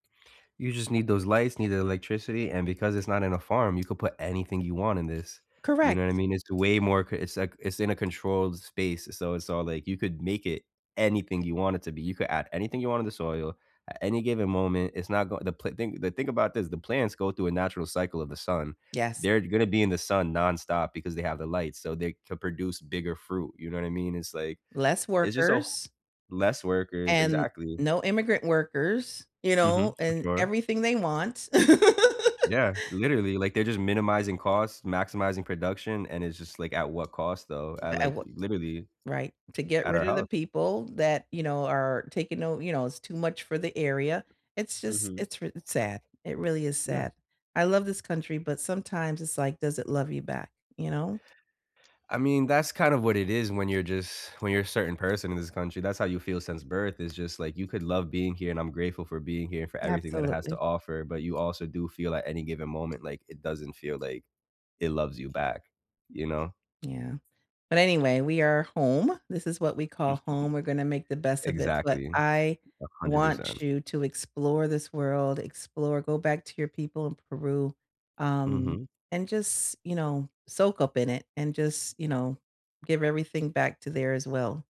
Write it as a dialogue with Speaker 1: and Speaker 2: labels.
Speaker 1: You just need those lights, need the electricity, and because it's not in a farm, you could put anything you want in this. You
Speaker 2: Correct.
Speaker 1: know what I mean? It's way more c it's like it's in a controlled space, so it's all like you could make it anything you want it to be, you could add anything you want in the soil at any given moment, it's not going the pl thing the thing about this, the plants go through a natural cycle of the sun.
Speaker 2: Yes.
Speaker 1: They're gonna be in the sun nonstop because they have the lights, so they could produce bigger fruit, you know what I mean? It's, like
Speaker 2: Less
Speaker 1: it's just a wh
Speaker 2: workers
Speaker 1: Less workers,
Speaker 2: and
Speaker 1: exactly.
Speaker 2: no immigrant workers, you know?
Speaker 1: Mhm, for
Speaker 2: And
Speaker 1: sure.
Speaker 2: everything they want.
Speaker 1: Yeah, literally, like, they're just minimizing costs, maximizing production, and it's just, like, at what cost, though?
Speaker 2: B
Speaker 1: At,
Speaker 2: a
Speaker 1: like,
Speaker 2: w
Speaker 1: literally
Speaker 2: Right, to get
Speaker 1: at
Speaker 2: rid
Speaker 1: our
Speaker 2: of the
Speaker 1: health.
Speaker 2: people that, you know, are taking note you know, it's too much for the area. It's just
Speaker 1: Mhm.
Speaker 2: it's r it's sad, it really is
Speaker 1: Yeah.
Speaker 2: sad. I love this country, but sometimes it's, like, does it love you back? You know?
Speaker 1: I mean, that's kind of what it is when you're just when you're a certain person in this country, that's how you feel since birth, it's just, like, you could love being here, and I'm grateful for being here, for everything that it has to
Speaker 2: Absolutely.
Speaker 1: offer but you also do feel at any given moment, like, it doesn't feel like it loves you back you know?
Speaker 2: Yeah. But anyway, we are home. This is what we call home, we're gonna make the best of it, but
Speaker 1: Exactly.
Speaker 2: I
Speaker 1: A 100%.
Speaker 2: want you to explore this world, explore, go back to your people in Peru. Um,
Speaker 1: Mhm.
Speaker 2: and just, you know, soak up in it and just, you know, give everything back to there as well.